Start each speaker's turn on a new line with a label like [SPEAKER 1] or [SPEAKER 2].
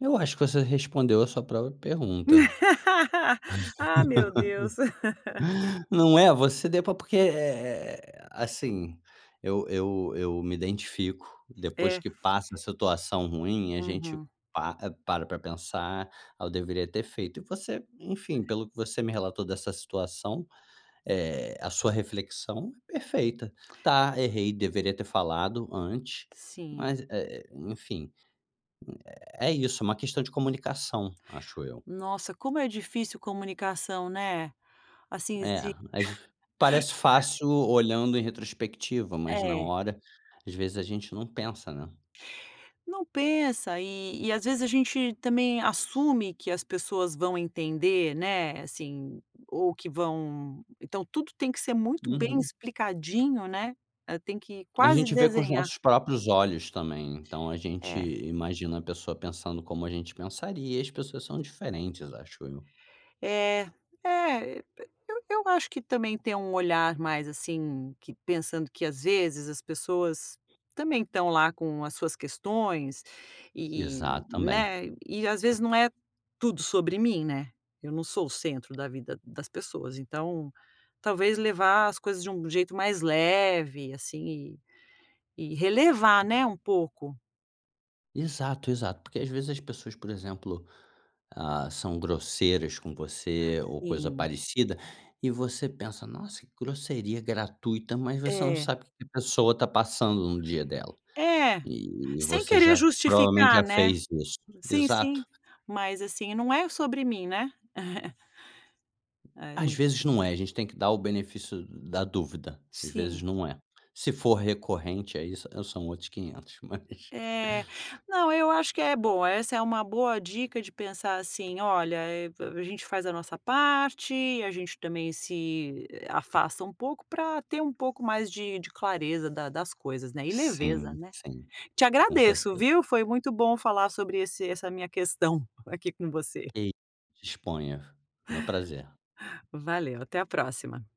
[SPEAKER 1] Eu acho que você respondeu a sua própria pergunta.
[SPEAKER 2] Ah, meu Deus.
[SPEAKER 1] Não é, você deu para porque, eh eh, assim, eu eu eu me identifico, depois
[SPEAKER 2] É.
[SPEAKER 1] que passa a situação ruim a gente
[SPEAKER 2] Uhum.
[SPEAKER 1] para para pensar: "Ah, eu deveria ter feito." E você,
[SPEAKER 2] É.
[SPEAKER 1] enfim, pelo que você me relatou dessa situação, eh, a sua reflexão é perfeita: "Tá errei, deveria ter falado antes."
[SPEAKER 2] Sim.
[SPEAKER 1] Mas, eh, enfim, é isso, uma questão de comunicação, acho eu.
[SPEAKER 2] Nossa, como é difícil comunicação, né? Assim,
[SPEAKER 1] É,
[SPEAKER 2] se
[SPEAKER 1] às parece fácil olhando em retrospectiva, mas na
[SPEAKER 2] É.
[SPEAKER 1] hora, às vezes a gente não pensa, né.
[SPEAKER 2] Não pensa e e, às vezes, a gente também assume que as pessoas vão entender, né, assim, ou que vão então tudo tem que ser muito bem
[SPEAKER 1] Uhum.
[SPEAKER 2] explicadinho né, tem que
[SPEAKER 1] A
[SPEAKER 2] quase
[SPEAKER 1] gente vê com os
[SPEAKER 2] desenhar.
[SPEAKER 1] nossos próprios olhos também, então a gente
[SPEAKER 2] É.
[SPEAKER 1] imagina a pessoa pensando como a gente pensaria e as pessoas são diferentes, acho eu.
[SPEAKER 2] É, eh, eu p eu acho que também tem um olhar mais, assim, que pensando que às vezes as pessoas também estão lá com as suas questões
[SPEAKER 1] Exa
[SPEAKER 2] e,
[SPEAKER 1] também.
[SPEAKER 2] né, e às vezes não é tudo sobre mim, né? Eu não sou o centro da vida das pessoas, então talvez levar as coisas de um jeito mais leve, assim, e relevar, né, um pouco.
[SPEAKER 1] Exato, exato. Porque às vezes as pessoas, por exemplo, ah, são grosseiras com você ou coisa
[SPEAKER 2] Sim.
[SPEAKER 1] parecida e você pensa: "Nossa, que grosseria gratuita." Mas você não
[SPEAKER 2] É.
[SPEAKER 1] sabe o que que a pessoa está passando no dia dela,
[SPEAKER 2] É,
[SPEAKER 1] e
[SPEAKER 2] sem
[SPEAKER 1] você
[SPEAKER 2] querer
[SPEAKER 1] já provavelmente
[SPEAKER 2] justificar,
[SPEAKER 1] já
[SPEAKER 2] né.
[SPEAKER 1] fez isso,
[SPEAKER 2] Sim,
[SPEAKER 1] exato.
[SPEAKER 2] sim, mas assim, não é sobre mim, né? É,
[SPEAKER 1] Às
[SPEAKER 2] muito
[SPEAKER 1] vezes não é, a gente tem que dar o benefício da dúvida, às vezes
[SPEAKER 2] Sim.
[SPEAKER 1] não é. Se for recorrente aí eu são outros quinhentos mas
[SPEAKER 2] É. Não, eu acho que é boa, essa é uma boa dica de pensar assim: "Olha, eh, a gente faz a nossa parte, a gente também se afasta um pouco para ter um pouco mais de de clareza da das coisas, né e leveza,
[SPEAKER 1] Sim,
[SPEAKER 2] né."
[SPEAKER 1] sim.
[SPEAKER 2] Te
[SPEAKER 1] Com
[SPEAKER 2] agradeço,
[SPEAKER 1] certeza.
[SPEAKER 2] viu. Foi muito bom falar sobre esse essa minha questão aqui com você.
[SPEAKER 1] Ei, disponha, meu prazer.
[SPEAKER 2] Valeu, até a próxima.